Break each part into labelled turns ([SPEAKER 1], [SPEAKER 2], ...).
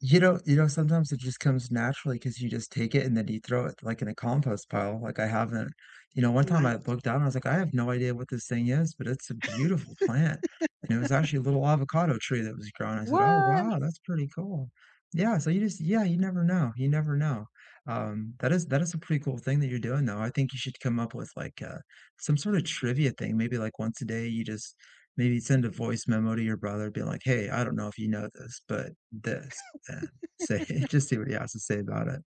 [SPEAKER 1] You know you know, sometimes it just comes naturally 'cause you just take it and then you throw it, like, in a compost pile. Like, I haven't you know, one time I
[SPEAKER 2] Nice.
[SPEAKER 1] looked down, I was like, I have no idea what this thing is, but it's a beautiful plant, and it was actually a little avocado tree that was growing. I said, "Oh,
[SPEAKER 2] What?
[SPEAKER 1] wow that's pretty cool." Yeah, so you just yeah. You never know, you never know, um, that is that is a pretty cool thing that you're doing, though. I think you should come up with, like, uh, some sort of trivia thing. Maybe, like, once a day, you just maybe send a voice memo to your brother being like, "Hey, I don't know if you know this, but this," and say h just see what he has to say about it,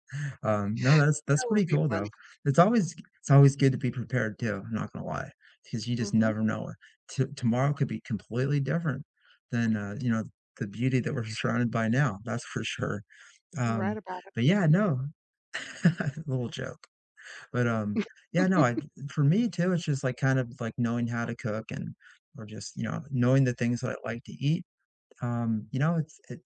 [SPEAKER 1] um, no, that's
[SPEAKER 2] That
[SPEAKER 1] that's
[SPEAKER 2] would
[SPEAKER 1] pretty
[SPEAKER 2] be
[SPEAKER 1] cool, though.
[SPEAKER 2] funny.
[SPEAKER 1] It's always g it's always good to be prepared too, I'm not gonna lie 'cause you just
[SPEAKER 2] Mhm.
[SPEAKER 1] never know. T tomorrow could be completely different than, uh, you know, the beauty that we're surrounded by now. That's for sure,
[SPEAKER 2] You're right
[SPEAKER 1] um,
[SPEAKER 2] about it.
[SPEAKER 1] but, yeah, no. Little joke, but, um, yeah, no, I for me too, it's just kind of like knowing how to cook and or just, you know, knowing the things that I like to eat, um, you know, it's it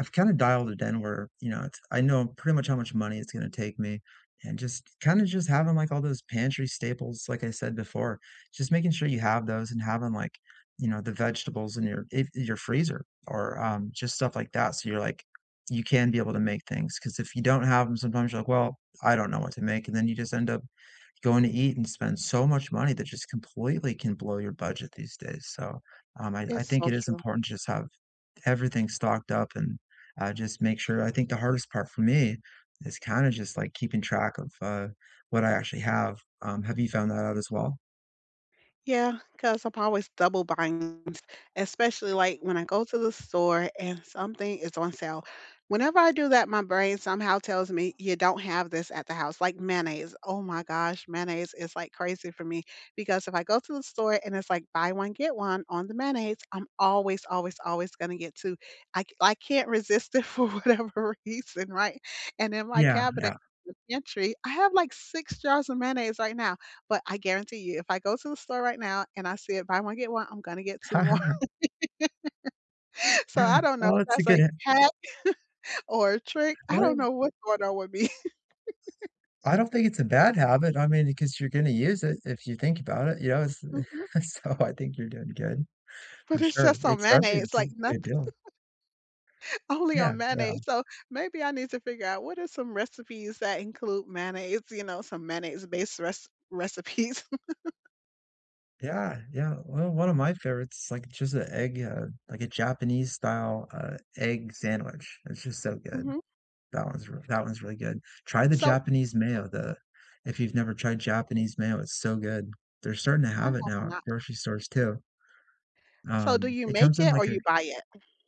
[SPEAKER 1] I've kind of dialed it in where, you know, it's I know pretty much how much money it's going to take me, and just kinda just having, like, all those pantry staples, like I said before, just making sure you have those and having, like, you know, the vegetables in your if in your freezer or, um, just stuff like that, so you're like you can be able to make things, 'cause if you don't have 'em, sometimes you're like, well, I don't know what to make, and then you just end up going to eat and spend so much money that just completely can blow your budget these days, so, um, I I
[SPEAKER 2] It's
[SPEAKER 1] think
[SPEAKER 2] so
[SPEAKER 1] it is
[SPEAKER 2] true.
[SPEAKER 1] important to just have everything stocked up and, uh, just make sure I think the hardest part for me is kinda just, like, keeping track of, uh, what I actually have, um, have you found that out as well?
[SPEAKER 2] Yeah, 'cause I'm always double buying especially, like, when I go to the store and something is on sale. Whenever I do that, my brain somehow tells me you don't have this at the house, like, mayonnaise. Oh my gosh. Mayonnaise is, like, crazy for me because if I go to the store and it's, like, buy one, get one on the mayonnaise, I'm always, always, always going to get 2. I c I can't resist it for whatever reason, right? And in my
[SPEAKER 1] Yeah.
[SPEAKER 2] cabinet
[SPEAKER 1] Yeah.
[SPEAKER 2] and pantry, I have, like, 6 jars of mayonnaise right now, but I guarantee you if I go to the store right now and I see it buy one, get one, I'm gonna get 2 more, so I don't know
[SPEAKER 1] Oh,
[SPEAKER 2] if
[SPEAKER 1] it's a
[SPEAKER 2] that's
[SPEAKER 1] good
[SPEAKER 2] a
[SPEAKER 1] h
[SPEAKER 2] hack or a trick. I
[SPEAKER 1] Well,
[SPEAKER 2] don't
[SPEAKER 1] ya
[SPEAKER 2] know what's going on with me.
[SPEAKER 1] I don't think it's a bad habit. I mean, y 'cause you're gonna use it if you think about it. Yeah, it's
[SPEAKER 2] Mhm.
[SPEAKER 1] so I think you're doing good,
[SPEAKER 2] But
[SPEAKER 1] for
[SPEAKER 2] it's
[SPEAKER 1] sure.
[SPEAKER 2] just on
[SPEAKER 1] Especially if
[SPEAKER 2] mayonnaise, it's
[SPEAKER 1] it's a
[SPEAKER 2] like
[SPEAKER 1] good
[SPEAKER 2] nothing.
[SPEAKER 1] deal.
[SPEAKER 2] Only
[SPEAKER 1] Yeah.
[SPEAKER 2] on
[SPEAKER 1] Yeah.
[SPEAKER 2] mayonnaise, so maybe I need to figure out what are some recipes that include mayonnaise, you know, some mayonnaise-based re recipes.
[SPEAKER 1] Yeah. Yeah. Well, one of my favorites, like, just a egg, uh like a Japanese-style, uh, egg sandwich. It's just so good.
[SPEAKER 2] Mhm.
[SPEAKER 1] That one's r that one's really good. Try the
[SPEAKER 2] So
[SPEAKER 1] Japanese mayo. The if you've never tried Japanese mayo, it's so good. They're starting to
[SPEAKER 2] I
[SPEAKER 1] have it
[SPEAKER 2] have
[SPEAKER 1] now at
[SPEAKER 2] not.
[SPEAKER 1] grocery stores too.
[SPEAKER 2] So do
[SPEAKER 1] Um,
[SPEAKER 2] you
[SPEAKER 1] it comes
[SPEAKER 2] make
[SPEAKER 1] in
[SPEAKER 2] it or
[SPEAKER 1] like a
[SPEAKER 2] you buy it?